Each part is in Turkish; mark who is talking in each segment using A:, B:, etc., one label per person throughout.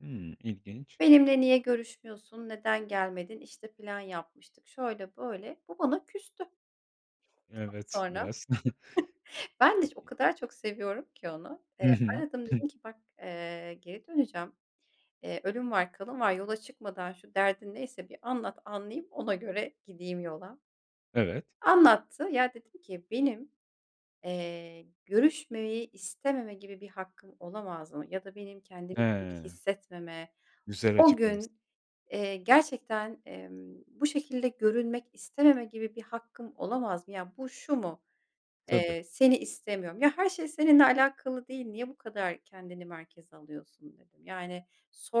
A: Hımm, ilginç.
B: Benimle niye görüşmüyorsun neden gelmedin, işte, plan yapmıştık şöyle böyle bu bana küstü. [unintelligible]
A: Evet,
B: Sonra.
A: biraz.
B: Ben de iş o
A: İ
B: kadar çok seviyorum ki onu,
A: Hı
B: eee,
A: hı.
B: aradım dedim ki "Bak, eee, geri döneceğim, eee, ölüm var kalım var yola çıkmadan şu derdin neyse bir anlat anlayayım ona göre gideyim yola."
A: Evet.
B: Anlattı. Ya, dedim ki "Benim, eee, görüşmemeyi istememe gibi bir hakkım olamaz mı ya da benim kendimi iyi
A: He.
B: hissetmeme
A: Güzel
B: o
A: açıklamışsın.
B: gün, eee, gerçekten, emm, bu şekilde görünmek istememe gibi bir hakkım olamaz mı? Ya bu şu mu:
A: Tabii.
B: Eee, seni istemiyorum. Ya her şey seninle alakalı değil niye bu kadar kendini merkeze alıyorsun?" dedim. Yani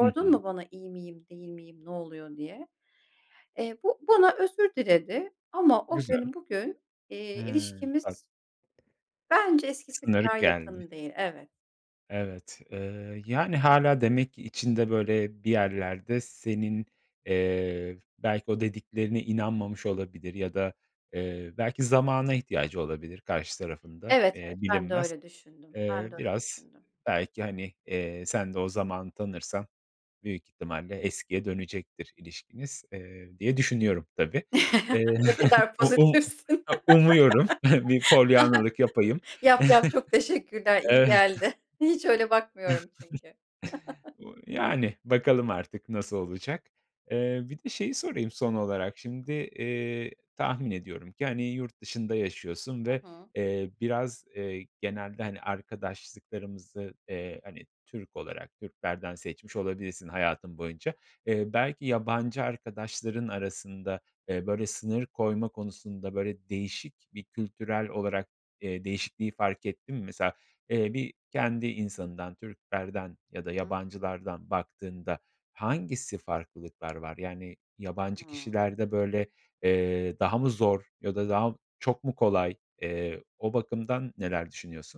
A: Hı hı.
B: mu bana, "iyi miyim değil miyim ne oluyor diye?" Eee bu bana özür diledi ama o
A: Güzel.
B: gün bugün,
A: He,
B: eee,
A: tabii.
B: ilişkimiz bence eskisi
A: Sınır
B: kadar
A: geldi.
B: yakın değil. Evet.
A: Evet. Iıı, yani hâlâ demek ki içinde böyle bir yerlerde senin, eee, belki o dediklerine inanmamış olabilir ya da, eee, belki zamana ihtiyacı olabilir karşı tarafın da,
B: Evet,
A: eee,
B: evet. Ben de
A: bilinmez.
B: öyle düşündüm.
A: Eee,
B: Ben de öyle
A: biraz
B: düşündüm.
A: belki hani, eee, sen de o zamanı tanırsan büyük ihtimalle eskiye dönecektir ilişkiniz, eee, diye düşünüyorum, tabii. Eee,
B: Ne kadar
A: u u
B: pozitifsin.
A: u umuyorum bir polyannalık yapayım.
B: Yap, yap, çok teşekkürler, iyi
A: Evet.
B: geldi. Hiç öyle bakmıyorum çünkü.
A: Bu yani bakalım artık nasıl olacak. Eee, bir de şeyi sorayım son olarak şimdi, eee, tahmin ediyorum ki, hani, yurt dışında yaşıyorsun
B: Hı
A: ve,
B: hı.
A: eee, biraz, eee, genelde, hani, arkadaşlıklarımızı, eee, hani, Türk olarak Türklerden seçmiş olabilirsin hayatın boyunca. Eee, belki yabancı arkadaşların arasında, eee, böyle sınır koyma konusunda böyle değişik bir kültürel olarak, eee, değişikliği fark ettin mi? Mesela, eee, bir kendi insanından Türklerden ya da
B: Hı.
A: yabancılardan baktığında hangisi farklılıklar var? Yani
B: Hı
A: yabancı
B: hı.
A: kişilerde böyle, eee, daha mı zor ya da daha mı çok mu kolay? Eee, o bakımdan neler düşünüyorsun?